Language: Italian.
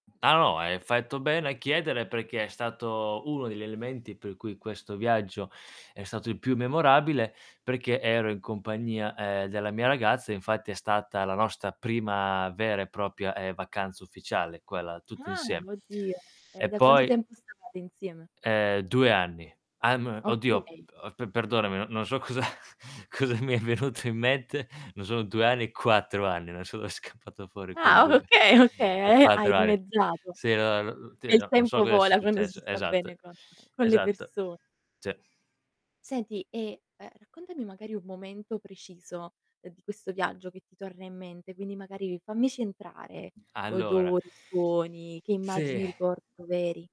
Ah no, hai fatto bene a chiedere perché è stato uno degli elementi per cui questo viaggio è stato il più memorabile, perché ero in compagnia, ehm, della mia ragazza, infatti è stata la nostra prima vera e propria, ehm, vacanza ufficiale quella tutti Ah insiem oddio, e e da quanto poi tempo stavate insieme? Eh, 2 anni. Ah m oddio, Okay. uhm, p pe perdonami n non so cosa cosa mi è venuto in mente, non sono 2 anni, 4 anni, non so dov'è scappato fuori quel Ah 2. okay, okay e hai 4 anni. dimezzato. Sì, no, n ti E il no non so tempo cosa sia vola quando si successo. sta bene Esatto, con con le esatto. perso Sì. Senti e, ehm, raccontami magari un momento preciso di questo viaggio che ti torna in mente, quindi magari fammici entrare: Allora odori, suoni, che immagini Sì. ricordo veri.